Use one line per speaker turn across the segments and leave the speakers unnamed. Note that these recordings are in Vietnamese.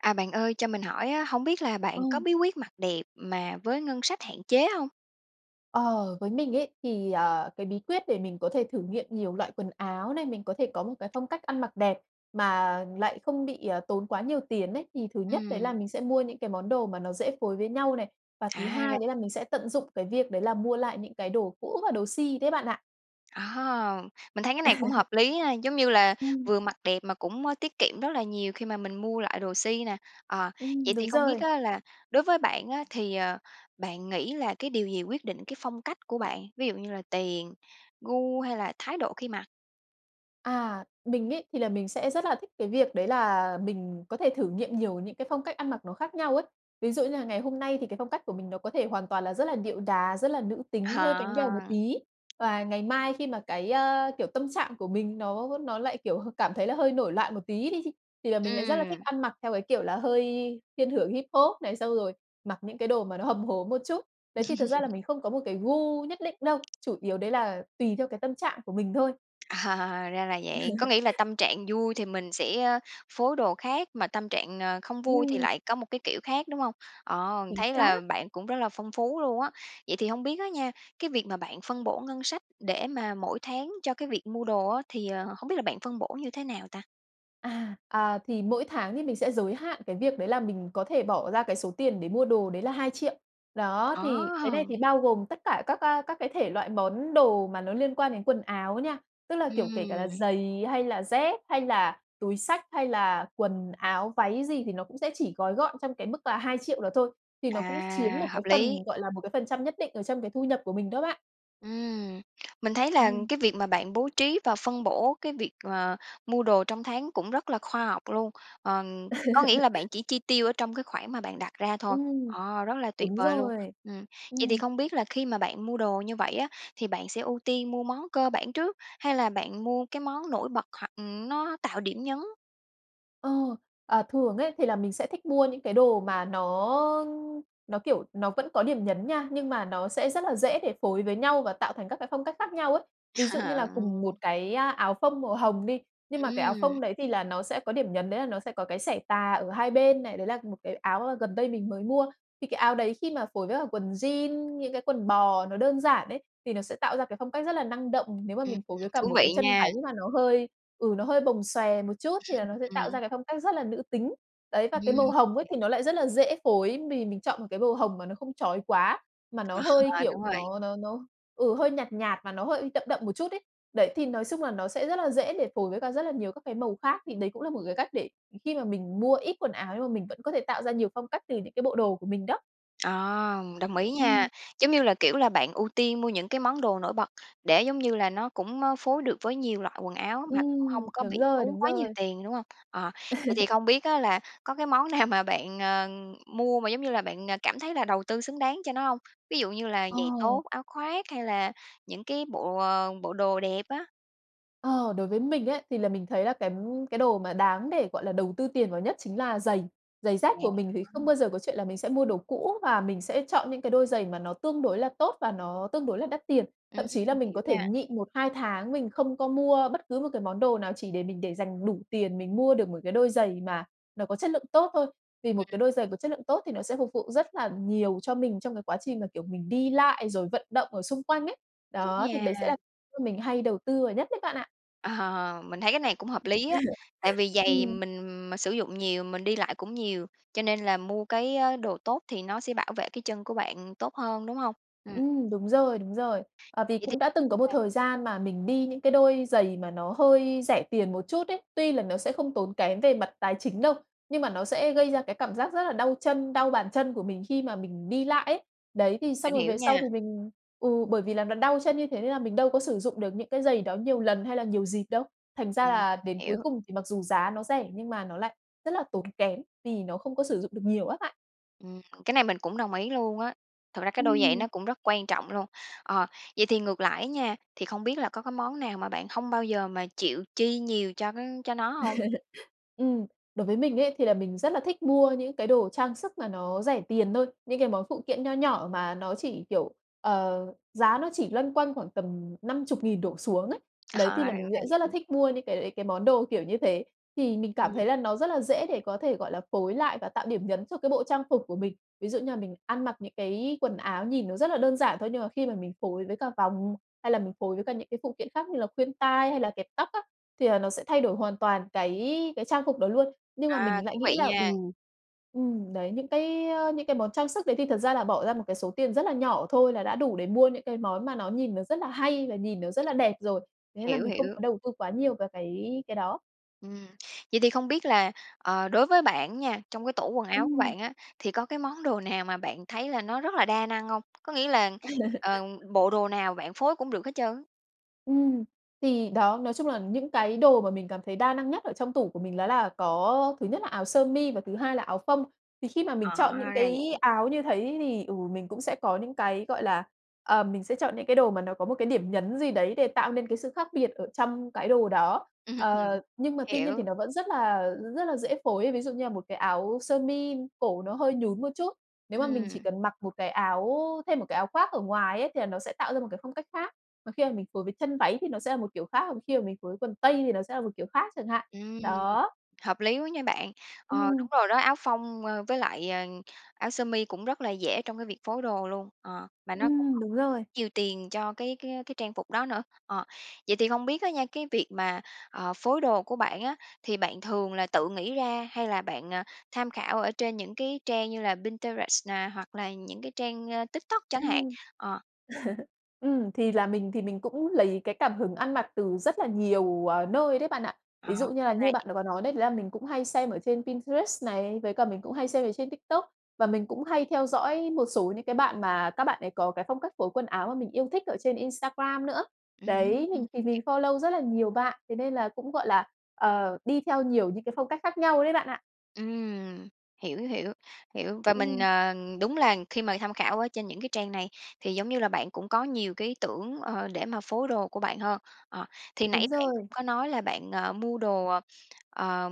À, bạn ơi cho mình hỏi á, hổng biết là
Ờ.
bạn có bí quyết mặc đẹp mà với ngân sách hạn chế hông?
Ờ, với mình ấy thì, ờ, cái bí quyết để mình có thể thử nghiệm nhiều loại quần áo này, mình có thể có một cái phong cách ăn mặc đẹp mà lại không bị, ờ, tốn quá nhiều tiền ấy. Thì thứ nhất đấy là
Ừm.
mình sẽ mua những cái món đồ mà nó dễ phối với nhau này, và thứ
À,
hai
ra
đấy là mình sẽ tận dụng cái việc đấy là mua lại những cái đồ cũ và đồ si đấy bạn ạ.
À, mình thấy cái này cũng hợp lý ha, giống như là,
Ừm.
vừa mặc đẹp mà cũng, ơ, tiết kiệm rất là nhiều khi mà mình mua lại đồ si nà. Ờ,
Ừm,
vậy thì
đúng
không biết
rồi.
á là đối với bạn á thì, ờ, bạn nghĩ là cái điều gì quyết định cái phong cách của bạn, ví dụ như là tiền, gu, hay là thái độ khi mặc?
À. Mình ấy thì là mình sẽ rất là thích cái việc đấy là mình có thể thử nghiệm nhiều những cái phong cách ăn mặc nó khác nhau ấy. Ví dụ như là ngày hôm nay thì cái phong cách của mình nó có thể hoàn toàn là rất là điệu đá, rất là nữ tính, hơi bánh bèo một
À.
tí và ngày mai khi mà cái, a, kiểu, tâm trạng của mình nó nó lại, kiểu, h cảm thấy là hơi nổi loạn một tí đi, thì là mình lại rất là thích
Ừm.
ăn mặc theo cái kiểu là hơi thiên hưởng hip hop này, xong rồi mặc những cái đồ mà nó hầm hố một chút. Đấy, thì thật ra là mình không có một cái gu nhất định đâu, chủ yếu đấy là tùy theo cái tâm trạng của mình thôi.
Ờ, ra là vậy. Có nghĩ là tâm trạng vui thì mình sẽ, ơ, phối đồ khác, mà tâm trạng, ờ, không vui thì
Ừm.
lại có một cái kiểu khác, đúng hông? À,
Chính
thấy là
xác.
bạn cũng rất là phong phú luôn á. Vậy thì hông biết á nha, cái việc mà bạn phân bổ ngân sách để mà mỗi tháng cho cái việc mua đồ á, thì, ờ, hổng biết là bạn phân bổ như thế nào ta?
À, à, thì mỗi tháng thì mình sẽ giới hạn cái việc đấy là mình có thể bỏ ra cái số tiền để mua đồ, đấy là 2.000.000. Đó, thì cái này
Ờ!
thì bao gồm tất cả các, á, các cái thể loại món đồ mà nó liên quan đến quần áo nha. Tức là kiểu kể cả là
Ừm.
giày, hay là dép, hay là túi xách, hay là quần áo, váy gì thì nó cũng sẽ chỉ gói gọn trong cái mức là 2.000.000 đó thôi. Thì nó cũng chiếm
À,
một cái
hợp
phần,
lý.
gọi là, một cái phần trăm nhất định ở trong cái thu nhập của mình đó bạn.
Ừm. Mình thấy là
Ừm.
cái việc mà bạn bố trí và phân bổ cái việc, ờ, mua đồ trong tháng cũng rất là khoa học luôn. Ờm, có nghĩa là bạn chỉ chi tiêu ở trong cái khoản mà bạn đặt ra thôi.
Ừm.
Ồ, rất là tuyệt
Đúng
vời luôn!
rồi!
Ừm, vậy thì
Ừm.
không biết là khi mà bạn mua đồ như vậy á, thì bạn sẽ ưu tiên mua món cơ bản trước hay là bạn mua cái món nổi bật hoặc, ừm, nó tạo điểm nhấn?
Ờ. À, thường ấy thì là mình sẽ thích mua những cái đồ mà nó nó kiểu nó vẫn có điểm nhấn nha, nhưng mà nó sẽ rất là dễ để phối với nhau và tạo thành các cái phong cách khác nhau ấy. Ví dụ như là cùng một
Ừm.
cái, a, áo phông màu hồng đi, nhưng mà cái áo
Ừm.
phông đấy thì là nó sẽ có điểm nhấn đấy là nó sẽ có cái xẻ tà ở hai bên này, đấy là một cái áo, ơ, gần đây mình mới mua. Thì cái áo đấy khi mà phối với cả quần jean, những cái quần bò nó đơn giản ấy, thì nó sẽ tạo ra cái phong cách rất là năng động. Nếu mà
Ừm,
mình phối với cả
thú
một cái
vị
chân váy
nha!
mà nó hơi ừ, nó hơi bồng xòe một chút thì là nó sẽ tạo ra
Ừm.
cái phong cách rất là nữ tính. Đấy, và cái màu
Ừm.
hồng ấy thì nó lại rất là dễ phối, mì mình chọn một cái màu hồng mà nó không chói quá, mà nó
Ờ.
hơi kiểu
Đúng rồi.
nó nó nó ừ, hơi nhạt nhạt mà nó hơi đậm đậm một chút ấy. Đấy, thì nói chung là nó sẽ rất là dễ để phối với cả rất là nhiều các cái màu khác. Thì đấy cũng là một cái cách để khi mà mình mua ít quần áo nhưng mà mình vẫn có thể tạo ra nhiều phong cách từ những cái bộ đồ của mình đó.
Ờ, đồng ý
Ừm.
nha, giống như là, kiểu là, bạn ưu tiên mua những cái món đồ nổi bật để, giống như là, nó cũng, ơ, phối được với nhiều loại quần áo, mà cũng hông
Ừm,
có
đúng
bị
rồi,
tốn
đúng
quá nhiều
rồi.
tiền, đúng hông? Ờ, vậy thì không biết á là có cái món nào mà bạn, ờ, mua mà, giống như là, bạn, à, cảm thấy là đầu tư xứng đáng cho nó hông? Ví dụ như là giày
Ờ.
tốt, áo khoác hay là những cái bộ, ờ, bộ đồ đẹp á?
Ờ, đối với mình ấy thì là mình thấy là cái cái đồ mà đáng để, gọi là, đầu tư tiền vào nhất chính là giày. Giày dép
Yeah,
của mình thì không
[unintelligible]
bao giờ có chuyện là mình sẽ mua đồ cũ và mình sẽ chọn những cái đôi giày mà nó tương đối là tốt và nó tương đối là đắt tiền.
Ừm,
Thậm chí là mình có
hiểu
thể
nha.
nhịn 1, 2 tháng mình không có mua bất cứ một cái món đồ nào chỉ để mình để dành đủ tiền mình mua được một cái đôi giày mà nó có chất lượng tốt thôi, vì một
Ừm.
cái đôi giày có chất lượng tốt thì nó sẽ phục vụ rất là nhiều cho mình trong cái quá trình mà, kiểu, mình đi lại rồi vận động ở xung quanh ấy.
Đúng
Đó, thì
nha.
đấy sẽ là mình hay đầu tư vào nhất đấy bạn ạ.
Mình thấy cái này cũng hợp lý á, tại vì giày
Ừm.
mình mà sử dụng nhiều, mình đi lại cũng nhiều, cho nên là mua cái, a, đồ tốt thì nó sẽ bảo vệ cái chân của bạn tốt hơn, đúng hông? Ừm.
Ừm, đúng rồi, đúng rồi. Ờ, vì
Vậy thì
cũng đã từng có một
à.
thời gian mà mình đi những cái đôi giày mà nó hơi rẻ tiền một chút ấy, tuy là nó sẽ không tốn kém về mặt tài chính đâu, nhưng mà nó sẽ gây ra cái cảm giác rất là đau chân, đau bàn chân của mình khi mà mình đi lại ấy. Đấy, thì xong
Mình
rồi
hiểu
về sau
nha.
thì mình ừ, bởi vì là nó đau chân như thế, nên là mình đâu có sử dụng được những cái giày đó nhiều lần hay là nhiều dịp đâu. Thành ra
Ừm.
là đến cuối
Hiểu.
cùng thì mặc dù giá nó rẻ, nhưng mà nó lại rất là tốn kém vì nó không có sử dụng được nhiều á bạn.
Ừm. Cái này mình cũng đồng ý luôn á. Thực ra cái đôi giày
Ừm.
nó cũng rất quan trọng luôn. Ờ, vậy thì ngược lại á nha, thì không biết là có cái món nào mà bạn hông bao giờ mà chịu chi nhiều cho cái cho nó hông?
Ừm, đối với mình ấy thì là mình rất là thích mua những cái đồ trang sức mà nó rẻ tiền thôi, những cái món phụ kiện nho nhỏ mà nó chỉ, kiểu, ờ, giá nó chỉ loanh quanh khoảng tầm 50.000 đổ xuống ấy. Đấy,
Ờ,
thì
ra
là mình lại rất là
vậy.
thích mua những cái đấy, cái món đồ kiểu như thế, thì mình cảm
Ừm.
thấy là nó rất là dễ để có thể, gọi là, phối lại và tạo điểm nhấn cho cái bộ trang phục của mình. Ví dụ như là mình ăn mặc những cái quần áo nhìn nó rất là đơn giản thôi, nhưng mà khi mà mình phối với cả vòng, hay là mình phối với cả những cái phụ kiện khác như là khuyên tai hay là kẹp tóc á, thì là nó sẽ thay đổi hoàn toàn cái cái trang phục đó luôn. Nhưng mà
À,
mình
thú
lại nghĩ
vị
là, ừ
nha.
ừ, đấy, những cái, ơ, những cái món trang sức đấy thì thật ra là bỏ ra một cái số tiền rất là nhỏ thôi là đã đủ để mua những cái món mà nó nhìn nó rất là hay và nhìn nó rất là đẹp rồi. Thế là
Hiểu,
mình không
hiểu.
có đầu tư quá nhiều về cái cái đó.
Ừm, vậy thì không biết là, ờ, đối với bạn á nha, trong cái tủ quần áo của
Ừm.
bạn á, thì có cái món đồ nào mà bạn thấy là nó rất là đa năng hông? Có nghĩa là, ờ, bộ đồ nào bạn phối cũng được hết trơn á.
Ừm, thì đó, nói chung là những cái đồ mà mình cảm thấy đa năng nhất ở trong tủ của mình đó là có, ơ, thứ nhất là áo sơ mi và thứ hai là áo phông. Thì khi mà mình
Ờ,
chọn những
ra là
cái
vậy.
áo như thấy thì, ừ, mình cũng sẽ có những cái, gọi là ờm, mình sẽ chọn những cái đồ mà nó có một cái điểm nhấn gì đấy để tạo nên cái sự khác biệt ở trong cái đồ đó.
Ừm hừm.
Ờ, nhưng mà tuy nhiên thì
Hiểu.
nó vẫn rất là rất là dễ phối ấy. Ví dụ như là một cái áo sơ mi cổ nó hơi nhún một chút, nếu mà mình chỉ
Ừm.
cần mặc một cái áo thêm một cái áo khoác ở ngoài ấy thì là nó sẽ tạo ra một cái phong cách khác, và khi mà mình phối với chân váy thì nó sẽ là một kiểu khác, và khi mà mình phối với quần tây thì nó sẽ là một kiểu khác chẳng hạn.
Ừm,
Đó.
hợp lý quá nha bạn. Ờ,
Ừm.
đúng rồi đó, áo phông, ơ, với lại, ờ, áo sơ mi cũng rất là dễ trong cái việc phối đồ luôn, ờ, mà nó cũng
Ừm,
hông
đúng rồi.
nhiều tiền cho cái cái cái trang phục đó nữa. Ờ, vậy thì không biết á nha, cái việc mà, ờ, phối đồ của bạn á, thì bạn thường là tự nghĩ ra hay là bạn, à, tham khảo ở trên những cái trang như là Pinterest nè hoặc là những cái trang, a, TikTok chẳng hạn?
Ừm.
Ờ.
Ừm, thì là mình thì mình cũng lấy cái cảm hứng ăn mặc từ rất là nhiều, à, nơi đấy bạn ạ.
Ờ,
Ví
ra
dụ như là như
vậy.
bạn đã có nói đấy, đấy là mình cũng hay xem ở trên Pinterest này, với cả mình cũng hay xem ở trên TikTok, và mình cũng hay theo dõi một số những cái bạn mà các bạn ấy có cái phong cách phối quần áo mà mình yêu thích ở trên Instagram nữa.
Ừ hưm,
Đấy,
ừ.
mình thì mình follow rất là nhiều bạn, thế nên là cũng, gọi là, ờ, đi theo nhiều những cái phong cách khác nhau đấy bạn ạ.
Ừm. Hiểu, hiểu, hiểu, và mình,
Ừm.
ờ, đúng là khi mà tham khảo ở trên những cái trang này thì, giống như là, bạn cũng có nhiều cái ý tưởng, ờ, để mà phối đồ của bạn hơn. Ờ, thì
Đúng
nãy bạn cũng
rồi.
có nói là bạn, ờ, mua đồ, ờ,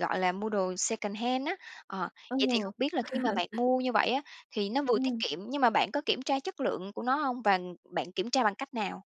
gọi là, mua đồ secondhand á. Ờ,
Ờ.
vậy thì không biết là khi mà bạn mua như vậy á, thì nó vừa tiết
Ừm.
kiệm nhưng mà bạn có kiểm tra chất lượng của nó hông? Và bạn kiểm tra bằng cách nào?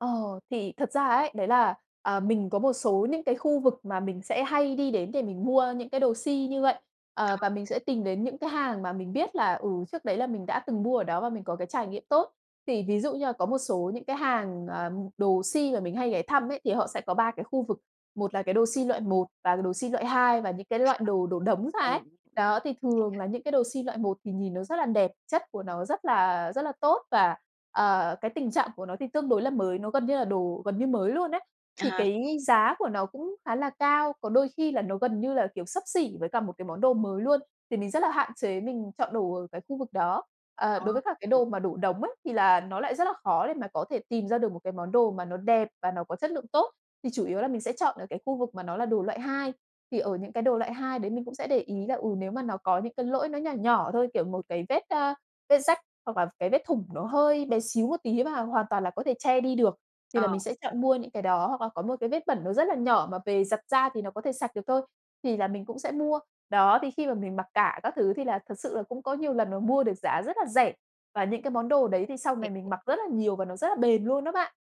Ờ, thì thật ra ấy, đấy là, ờ, mình có một số những cái khu vực mà mình sẽ hay đi đến để mình mua những cái đồ si như vậy. Ờ,
[unintelligible]
và mình sẽ tìm đến những cái hàng mà mình biết là, ừ, trước đấy là mình đã từng mua ở đó và mình có cái trải nghiệm tốt. Thì ví dụ như là có một số những cái hàng, ừm, đồ si mà mình hay ghé thăm ấy, thì họ sẽ có 3 cái khu vực, một là cái đồ si loại một và đồ si loại hai và những cái loại đồ đổ đống ra
Tại
ấy.
vì
Đó, thì thường
[unintelligible]
là những cái đồ si loại một thì nhìn nó rất đẹp, chất của nó rất là rất là tốt và, ờ, cái tình trạng của nó thì tương đối là mới, nó gần như là đồ gần như mới luôn ấy.
À
Thì
ha.
cái giá của nó cũng khá là cao, có đôi khi là nó gần như là kiểu xấp xỉ với cả một cái món đồ mới luôn, thì mình rất là hạn chế mình chọn đồ ở cái khu vực đó. Ờ,
Ờ.
đối với các cái
Ừm.
đồ mà đổ đống ấy thì là nó lại rất là khó để mà có thể tìm ra được một cái món đồ mà nó đẹp và nó có chất lượng tốt, thì chủ yếu là mình sẽ chọn ở cái khu vực mà nó là đồ loại hai. Thì ở những cái đồ loại hai đấy mình cũng sẽ để ý là, ừ, nếu mà nó có những cái lỗi nó nhỏ nhỏ thôi, kiểu một cái vết, a, vết rách hoặc là cái vết thủng nó hơi bé xíu một tí mà hoàn toàn là có thể che đi được, thì
Ờ.
là mình sẽ chọn mua những cái đó, hoặc là có một cái vết bẩn nó rất là nhỏ mà về giặt ra thì nó có thể sạch được thôi, thì là mình cũng sẽ mua. Đó, thì khi mà mình mặc cả các thứ thì là thực sự là cũng có nhiều lần mà mua được giá rất là rẻ và những cái món đồ đấy thì sau
Vậy
này mình
thì
mặc rất là nhiều và nó rất là bền luôn đó bạn.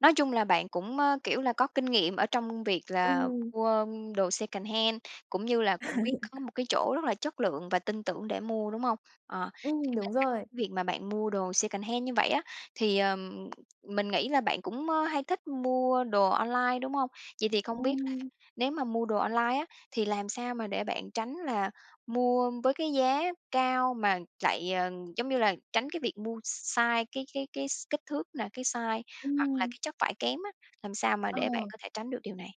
Nói chung là bạn cũng, ơ, kiểu là, có kinh nghiệm ở trong việc là
Ừm.
mua, ơ, đồ secondhand, cũng như là cũng biết có một cái chỗ rất là chất lượng và tin tưởng để mua, đúng hông? Ờ, thì
Ừm,
bên
đúng
cạnh
rồi.
việc mà bạn mua đồ secondhand như vậy á, thì, ờ, mình nghĩ là bạn cũng, ơ, hay thích mua đồ online, đúng hông? Vậy thì không biết là
Ừm.
nếu mà mua đồ online á thì làm sao mà để bạn tránh là mua với cái giá cao mà lại, ờ, giống như là, tránh cái việc mua sai, cái cái cái s kích thước là cái size, hoặc là
Ừm.
cái chất vải kém á, làm sao mà để bạn
Ờ.
có thể tránh được điều này?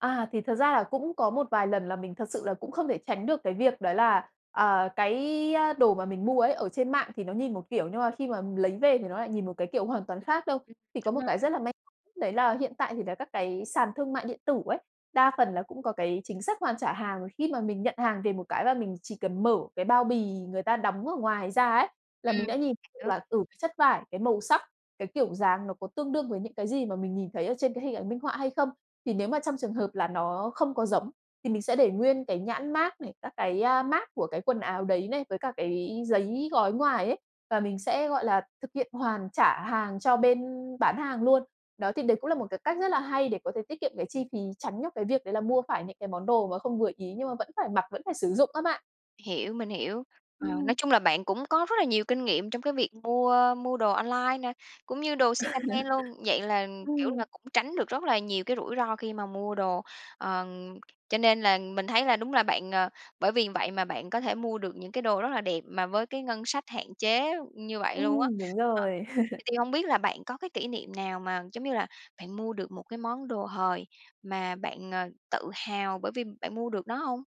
À, thì thật ra là cũng có một vài lần là mình thật sự là cũng không thể tránh được cái việc đó là, à, cái, a, đồ mà mình mua ấy ở trên mạng thì nó nhìn một kiểu, nhưng mà khi mà lấy về thì nó lại nhìn một cái kiểu hoàn toàn khác đâu.
Ừm.
Thì có
Đúng
một
rồi
cái
bạn.
rất là may đấy là hiện tại thì là các cái sàn thương mại điện tử ấy, đa phần là cũng có cái chính sách hoàn trả hàng, khi mà mình nhận hàng về một cái là mình chỉ cần mở cái bao bì người ta đóng ở ngoài ra ấy, là mình
Ừm,
đã nhìn được
hiểu.
là từ chất vải, cái màu sắc, cái kiểu dáng nó có tương đương với những cái gì mà mình nhìn thấy ở trên cái hình ảnh minh họa hay không. Thì nếu mà trong trường hợp là nó không có giống, thì mình sẽ để nguyên cái nhãn mác này, các cái, a, mác của cái quần áo đấy này, với cả cái giấy gói ngoài ấy và mình sẽ, gọi là, thực hiện hoàn trả hàng cho bên bán hàng luôn. Đó, thì đấy cũng là một cái cách rất là hay để có thể tiết kiệm cái chi phí, tránh được cái việc đấy là mua phải những cái món đồ mà không vừa ý, nhưng mà vẫn phải mặc, vẫn phải sử dụng á bạn.
Hiểu, mình hiểu. Ờ, nói
Ừm.
chung là bạn cũng có rất là nhiều kinh nghiệm trong cái việc mua, ơ, mua đồ online nè, cũng như đồ secondhand luôn, vậy là, kiểu
Ừm.
là, cũng tránh được rất là nhiều cái rủi ro khi mà mua đồ. Ờ, cho nên là mình thấy là đúng là bạn, ờ, bởi vì vậy mà bạn có thể mua được những cái đồ rất là đẹp mà với cái ngân sách hạn chế như vậy luôn á.
Ừm, đúng
Ờ,
rồi.
vậy thì hông biết là bạn có cái kỷ niệm nào mà, giống như là, bạn mua được một cái món đồ hời mà bạn, ờ, tự hào bởi vì bạn mua được nó hông?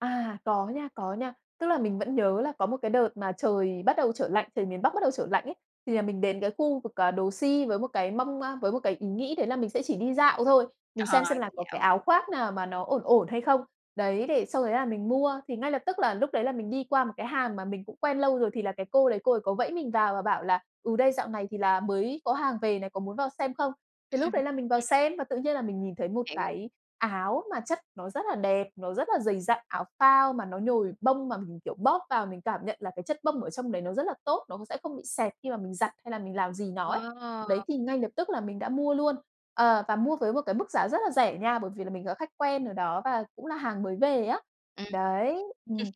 À, có nha, có nha. Tức là mình vẫn nhớ là có một cái đợt mà trời bắt đầu trở lạnh, trời miền Bắc bắt đầu trở lạnh ấy, thì là mình đến cái khu vực, à, đồ si với một cái mong, a, với một cái ý nghĩ đấy là mình sẽ chỉ đi dạo thôi, mình
Ờ.
xem xem là có cái
Dạo.
áo khoác nào mà nó ổn ổn hay không. Đấy, để sau đấy là mình mua, thì ngay lập tức là lúc đấy là mình đi qua một cái hàng mà mình cũng quen lâu rồi, thì là cái cô đấy cô ấy có vẫy mình vào và bảo là, ừ, "Đây, dạo này thì là mới có hàng về này, có muốn vào xem không?" Thì lúc đấy là mình vào
Ừm.
xem và tự nhiên là mình nhìn thấy một
Hiểu.
cái áo mà chất nó rất là đẹp, nó rất là dày dặn, áo phao mà nó nhồi bông mà mình, kiểu, bóp vào mình cảm nhận là cái chất bông ở trong đấy nó rất là tốt, nó cũng sẽ không bị xẹp khi mà mình giặt, hay là mình làm gì nó ấy. Đấy,
Wow!
thì ngay lập tức là mình đã mua luôn. Ờ, và mua với một cái mức giá rất là rẻ nha, bởi vì là mình là khách quen ở đó và cũng là hàng mới về á.
Ừm.
Đấy. Ừm.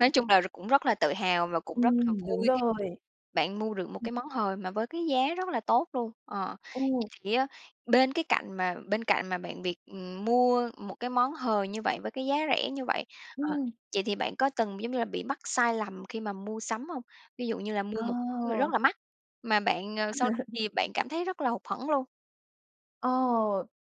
Nói chung là r cũng rất là tự hào và cũng rất là
Ừm, đúng
vui
rồi.
bạn mua được một
[unintelligible]
cái món hời mà với cái giá rất là tốt luôn. Ờ,
Ừ.
vậy á bên cái cạnh mà bên cạnh mà bạn việc, ừm, mua một cái món hời như vậy với cái giá rẻ như vậy, ờ,
Ừm.
vậy thì bạn có từng, giống như là, bị mắc sai lầm khi mà mua sắm hông? Ví dụ như là mua một rất
Ờ!
là mắc, mà bạn, ờ, sau đó thì bạn cảm thấy rất là hụt hẫng luôn?
Ờ,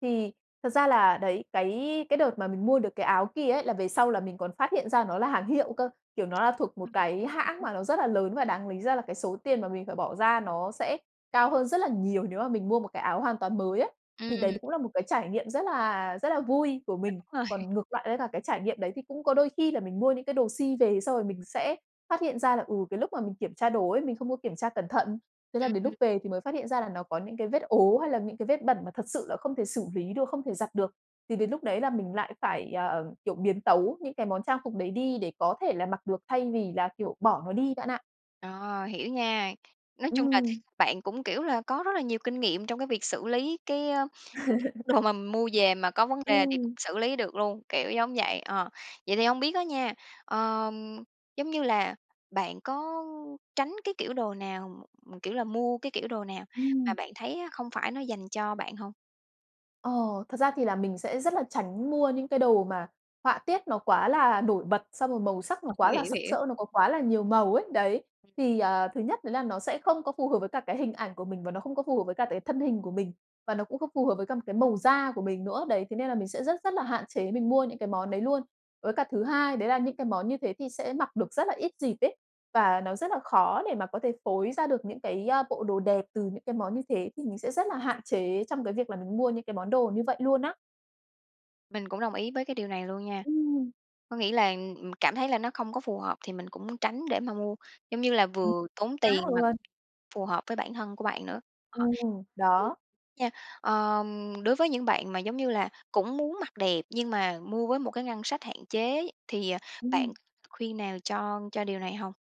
thì thật ra là, đấy, cái cái đợt mà mình mua được cái áo kia ấy là về sau là mình còn phát hiện ra nó là hàng hiệu cơ, kiểu, nó là thuộc
[unintelligible] ra
một
vậy
cái hãng
ư?
mà nó rất là lớn, và đáng lý ra là cái số tiền mà mình phải bỏ ra nó sẽ cao hơn rất là nhiều nếu mà mình mua một cái áo hoàn toàn mới ấy. Thì đấy
Ừm.
cũng là một cái trải nghiệm rất là rất là vui của mình.
[unintelligible] rồi.
Còn ngược với cả cái trải nghiệm đấy, thì cũng có đôi khi là mình mua những cái đồ si về, xong rồi mình sẽ phát hiện ra là, ừ, cái lúc mà mình kiểm tra đồ ấy, mình không có kiểm tra cẩn thận. Thế là
Ừm,
đến lúc
ừm.
về thì mới phát hiện ra là nó có những cái vết ố, hay là những cái vết bẩn mà thật sự là không thể xử lý được, không thể giặt được, thì đến lúc đấy là mình lại phải, ờ, kiểu, biến tấu những cái món trang phục đấy đi để có thể là mặc được thay vì là, kiểu, bỏ nó đi bạn ạ.
Ờ, hiểu nha. Nói chung là
Ừm.
bạn cũng, kiểu là, có rất là nhiều kinh nghiệm trong cái việc xử lý cái, ơ, những cái đồ mà mua về mà có vấn đề thì cũng
Ừm.
xử lý được luôn, kiểu giống vậy. Ờ, vậy thì hông biết á nha, ờ, giống như là, bạn có tránh cái kiểu đồ nào, kiểu là mua cái kiểu đồ nào mà
Ừm.
bạn thấy á không phải nó dành cho bạn hông?
Ồ, thật ra thì là mình sẽ rất là tránh mua những cái đồ mà họa tiết nó quá là nổi bật, xong rồi màu sắc nó
Ờ,
quá
hiểu,
là
hiểu,
sặc
hiểu.
sỡ, nó có quá là nhiều màu ấy, đấy. Thì, ờ, thứ nhất đấy là nó sẽ không có phù hợp với cả cái hình ảnh của mình và nó không có phù hợp với cả cái thân hình của mình. Và nó cũng không phù hợp với cả một cái màu da mình nữa, đấy, thế nên là mình sẽ rất rất là hạn chế mình mua những cái món đấy luôn. Với cả thứ hai đấy là những cái món như thế thì sẽ mặc được rất là ít dịp ấy, và nó rất là khó để mà có thể phối ra được những cái, a, bộ đồ đẹp từ những cái món như thế thì mình sẽ rất là hạn chế trong cái việc là mình mua những cái món đồ như vậy luôn á.
Mình cũng đồng ý với cái điều này luôn nha.
Ừm.
Có nghĩa là, ừm, cảm thấy là nó không có phù hợp thì mình cũng muốn tránh để mà mua, giống như là,
[unintelligible]
vừa tốn
.Á,
tiền mà
quên.
phù hợp với bản thân của mình nữa nha.
Ừm,
Ờ, [unintelligible]
đó.
nha, ờ, đối với những bạn mà, giống như là, cũng muốn mặc đẹp nhưng mà mua với một cái ngân sách hạn chế thì, ờ, bạn
Ừm.
khuyên nào cho cho điều này hông?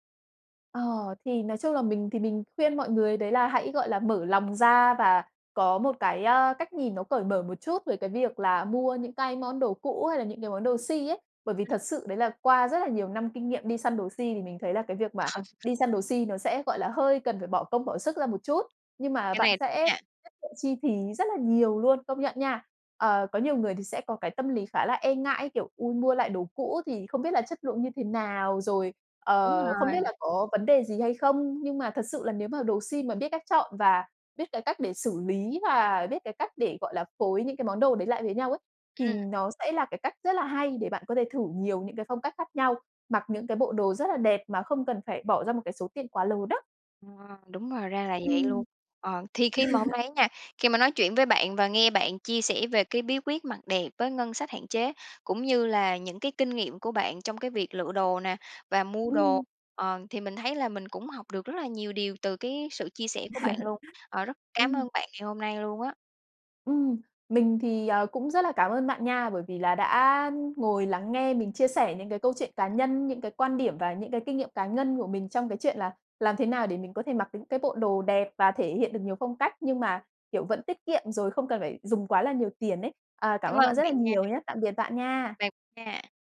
Ờ, thì nói chung là mình thì mình khuyên mọi người đấy là hãy, gọi là, mở lòng ra và có một cái, ơ, cách nhìn nó cởi mở một chút về cái việc là mua những cái món đồ cũ hay là những cái món đồ si ấy. Bởi vì
Ừm.
thật sự đấy là qua rất là nhiều năm kinh nghiệm đi săn đồ si thì mình thấy là cái việc mà
Ờ.
đi săn đồ si nó sẽ, gọi là, hơi cần phải bỏ công bỏ sức ra một chút. Nhưng mà
Cái
bạn
này
sẽ
nha.
tiết kiệm chi phí rất là nhiều luôn, công nhận nha. Ờ, có nhiều người thì sẽ có cái tâm lý khá là e ngại, kiểu: "Ôi, mua lại đồ cũ thì không biết là chất lượng như thế nào, rồi,
Đúng
ờ, không biết
rồi.
là có vấn đề gì hay không." Nhưng mà thật sự là nếu mà đồ si mà biết cách chọn và biết cái cách để xử lý và biết cái cách để, gọi là, phối những cái món đồ đấy lại với nhau ấy, thì
Ừm.
nó sẽ là cái cách rất là hay để bạn có thể thử nhiều những cái phong cách khác nhau, mặc những cái bộ đồ rất là đẹp mà không cần phải bỏ ra một cái số tiền quá lớn á.
Ờ, đúng rồi, ra là vậy luôn.
Ừm.
Ờ, thì khi mà hôm nay nha, khi mà nói chuyện với bạn và nghe bạn chia sẻ về cái bí quyết mặc đẹp với ngân sách hạn chế, cũng như là những cái kinh nghiệm của bạn trong cái việc lựa đồ nè, và mua đồ,
Ừm.
ờ, thì mình thấy là mình cũng học được rất là nhiều điều từ cái sự chia sẻ của bạn luôn. Ờ, rất cảm
Ừm.
ơn bạn ngày hôm nay luôn á.
Ừm, mình thì, ờ, cũng rất là cảm ơn bạn nha, bởi vì là đã ngồi lắng nghe mình chia sẻ những cái câu chuyện cá nhân, những cái quan điểm và những cái kinh nghiệm cá ngân của mình trong cái chuyện là làm thế nào để mình có thể mặc những cái bộ đồ đẹp và thể hiện được nhiều phong cách nhưng mà, kiểu, vẫn tiết kiệm rồi không cần phải dùng quá là nhiều tiền ấy. À, cảm
Cảm
ơn
ơn
bạn rất
bạn
là
nha.
nhiều nhá. Tạm biệt bạn nha.
Bye nha!